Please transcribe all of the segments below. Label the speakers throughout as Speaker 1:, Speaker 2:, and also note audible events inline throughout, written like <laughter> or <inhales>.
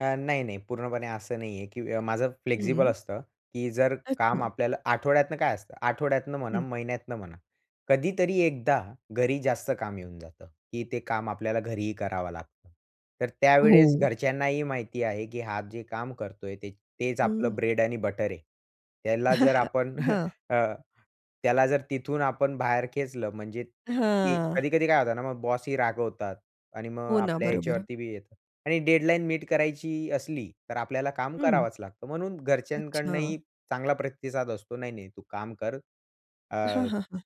Speaker 1: अ, नाही-नाही. पूर्णपणे असं नाही आहे, की माझं फ्लेक्सिबल
Speaker 2: हं.
Speaker 1: असतं, की जर काम
Speaker 2: अच्छा.
Speaker 1: आपल्याला आठवड्यातनं काय असतं, आठवड्यातनं म्हणा,
Speaker 2: हं.
Speaker 1: महिन्यातनं म्हणा. कधीतरी एकदा घरी जास्त काम येऊन जातं, की ते काम आपल्याला घरीही करावं लागतं. तर त्यावेळेस
Speaker 2: हो.
Speaker 1: घरच्यांनाही माहिती आहे, की हा जे काम करतोय ते तेच आपलं
Speaker 2: हं.
Speaker 1: ब्रेड आणि बटर आहे. त्याला जर
Speaker 2: <laughs>
Speaker 1: आपण <chuckles>
Speaker 2: हां.
Speaker 1: अ, त्याला जर तिथून आपण बाहेर खेचलं म्हणजे, की
Speaker 2: हां.
Speaker 1: कधी-कधी काय होतं ना मग बॉसही रागवतात आणि मग
Speaker 2: हो ना.
Speaker 1: आपल्या
Speaker 2: बरोबर.
Speaker 1: याच्यावरती बी येतं. आणि डेडलाईन मीट करायची असली तर आपल्याला काम
Speaker 2: हं.
Speaker 1: करावंच लागतं. म्हणून
Speaker 2: अच्छा.
Speaker 1: घरच्यांकडनंही चांगला प्रतिसाद असतो. नाही-नाही तू काम कर
Speaker 2: हां,
Speaker 1: अ
Speaker 2: हां, हां.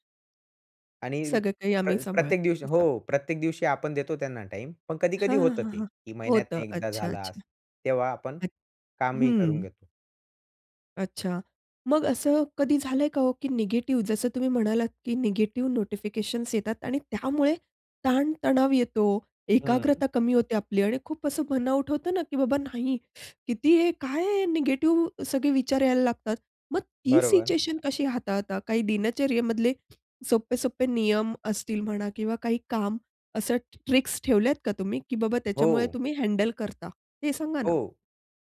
Speaker 1: आणि
Speaker 2: सगळं काही
Speaker 1: प्र
Speaker 2: आम्ही
Speaker 1: प्रत्येक
Speaker 2: सांभाळतो
Speaker 1: दिवशी.
Speaker 2: असं.
Speaker 1: हो प्रत्येक दिवशी आपण देतो त्यांना टाईम. पण कधी-कधी
Speaker 2: हां, हां,
Speaker 1: होतं
Speaker 2: हां,
Speaker 1: ते,
Speaker 2: हां.
Speaker 1: की
Speaker 2: होतं.
Speaker 1: महिन्यातनं एकदा
Speaker 2: अच्छा,
Speaker 1: झाला
Speaker 2: अच्छा.
Speaker 1: असं. तेव्हा आपण कामही करून
Speaker 2: हं.
Speaker 1: घेतो.
Speaker 2: अच्छा. मग असं कधी झालंय का हो? की निगेटिव्ह, जसं तुम्ही म्हणालात, की निगेटिव्ह नोटिफिकेशन्स येतात आणि त्यामुळे ताण-तणाव येतो,
Speaker 1: हं.
Speaker 2: एकाग्रता कमी होते आपली आणि खूप असं बर्न आऊट होतं ना, की बाबा नाही. <inhales> किती आहे? काय आहे? निगेटिव्ह सगळे विचार यायला लागतात. मग ती
Speaker 1: बरोबर.
Speaker 2: सिच्युएशन कशी हाताळता? काही दिनचर्येमधले सोपे-सोपे नियम असतील म्हणा किंवा काही काम असं ट्रिक्स ठेवल्यात का तुम्ही? की बाबा त्याच्यामुळे
Speaker 1: हो.
Speaker 2: तुम्ही हँडल करता, हे सांगा ना?
Speaker 1: हो.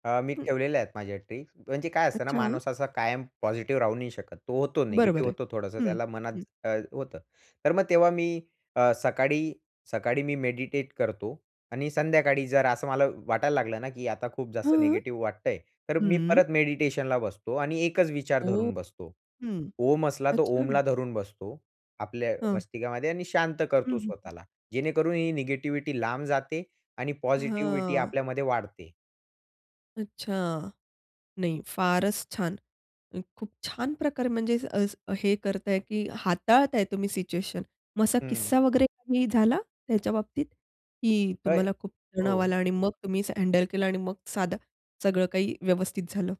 Speaker 1: अ, मी
Speaker 2: हं.
Speaker 1: ठेवलेल्या आहेत माझ्या ट्रिक्स म्हणजे काय असतं ना
Speaker 2: अच्छा.
Speaker 1: माणूस असा कायम पॉझिटिव्ह राहू नाही शकत. तो होतो
Speaker 2: बरोबर
Speaker 1: निगेटिव्ह
Speaker 2: आहे.
Speaker 1: होतो थोडंसं.
Speaker 2: हं,
Speaker 1: त्याला मनात
Speaker 2: हं.
Speaker 1: अ, होतं. तर मग तेव्हा मी अ, सकाळी सकाळी मी मेडिटेट करतो आणि संध्याकाळी जर असं मला वाटायला लागलं ना, की आता खूप जास्त
Speaker 2: हं.
Speaker 1: निगेटिव्ह वाटतंय, तर मी
Speaker 2: हं.
Speaker 1: परत मेडिटेशनला बसतो आणि एकच विचार
Speaker 2: ओह!
Speaker 1: धरून बसतो.
Speaker 2: हं.
Speaker 1: ओम असला तो
Speaker 2: अच्छा.
Speaker 1: ओमला धरून बसतो. आपल्या
Speaker 2: हं.
Speaker 1: मस्तिकामध्ये आणि शांत
Speaker 2: हं,
Speaker 1: करतो
Speaker 2: हं, हं.
Speaker 1: स्वतःला. जेणेकरून ही निगेटिव्हिटी लांब जाते आणि पॉझिटिव्हिटी
Speaker 2: हं.
Speaker 1: आपल्यामध्ये वाढते.
Speaker 2: अच्छा. नाही. फारच छान. खूप छान प्रकारे म्हणजे अ, हे करताय, की हाताळताय तुम्ही सिच्युएशन. मग असा
Speaker 1: हं.
Speaker 2: किस्सा वगैरे काही झाला त्याच्याबाबतीत? की तुम्हाला
Speaker 1: <unintelligible>
Speaker 2: खूप तणाव
Speaker 1: हो.
Speaker 2: आला आणि मग तुम्ही हँडल केलं आणि मग साधं सगळं काही व्यवस्थित झालं?